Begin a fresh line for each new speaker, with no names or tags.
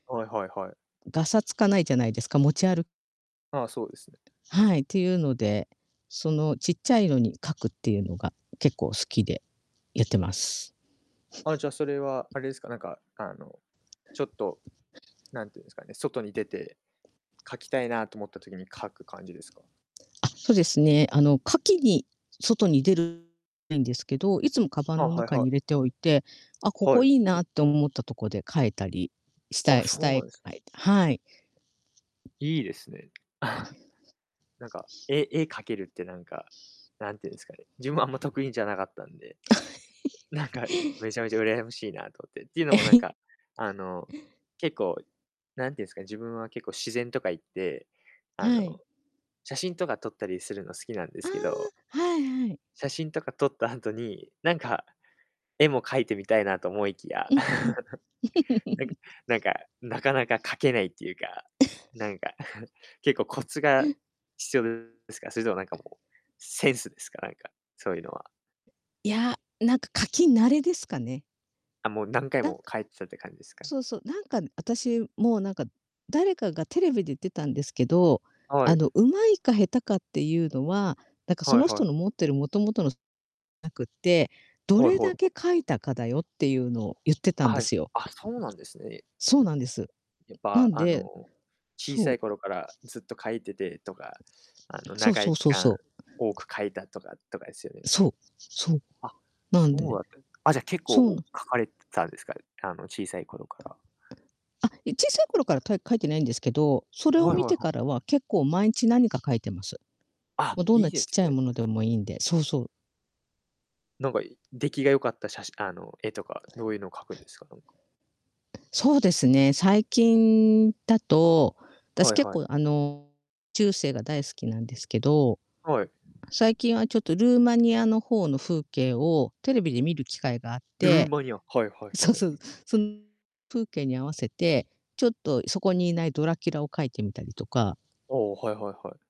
はいはいはい。
ガサつかないじゃないですか、持ち歩
ああ、そうですね。
はい。ていうので、そのちっちゃいのに描くっていうのが結構好きで、やってます。
あ、じゃそれはあれですか、なんか、あの、ちょっと、何て言うんですかね、外に出て、描きたいなと思った時に描く感じですか？
とですね、あの、描きに外に出る ないんですけど、いつもカバ
あ
ン
あ、
の
はい
中
は
に入
い。
れておいて、あ、こ
は
こ
い。
いいなって思ったとこで描いたり、した
あ、
いし
そ
た
うな
い
んです
描いたはい。
いいですね。
パイオ ニア。
なんか、絵絵描けるってなんか、何て言うんですかね、自分はあんま得意じゃなかったんで、
あ、
なんか、
ひ
めちゃめちゃ羨ましいなと思って。ていうのもなん か、あの、結構、何て言うんすかね、自分は結構自然とか行って、あ
はい。
の、写真とか撮ったりするの好きなんで
あ
すけど
あ、はいはい。
写真とか撮った後に、なんか、絵も描いてみたいなと思いきや、
うんふん。
なんか なんか、なかなか描けないっていうか、なんか、結構コツが 必要ですか？それともなんかもう、センスですか？なんか、そういうのは。
いや、なんか描き慣れですかね。
あ、もう何回
なんか、
も描いてたって感じですか？
そうそう、なんか、私も、なんか、誰かがテレビで言ってたんですけど、
は
あ
い。
の、上手いか下手かっていうのは、なんか、
は
そ
い
の
はい。
人の持ってる元々の なくって、ど
はいは
れ
いは
だ
い。
け描いたかだよっていうのを言ってたんで
あ、
すよ。
あ、そうなんですね。
そうなんで す。
やっ
な
ぱ、
ん
あ
で
の、小さ
そう。
い頃からずっと描いててとか、あの、
そう
長
そ
い
う
期
そう
間
そう。
多く描いたとかとかですよね。
そう、そう。
あ、
なん
そう
で、
だったあ、じゃあ、結構
そう
お
なん
描かれてたんですか？あの、小さい頃から。
あ、え、小さい頃から描い、描いてないんですけど、それを
はいは
見
いは
て
い。
からは、結構毎日何か描いてます。
あ、
ま、どん
い
な
いで
ちっ
す
ちゃい
ね。
物 でもいいんで、そうそう。
なんか、出来が良かったしゃしあの、絵とか、どういうのを描くんですか？なんか。
そうですね、最近だと、私
はい
結
はい。
構あの、中世が大好きなんですけど。
はい。
最近はちょっとルーマニアの方の風景をテレビで見る機会があっ
ルー
て
マニア。はいはい
そう
はい。
そう、そん 風景に合わせて、ちょっとそこにいないドラキュラを描いてみたりとか
ああ、はいはいはい。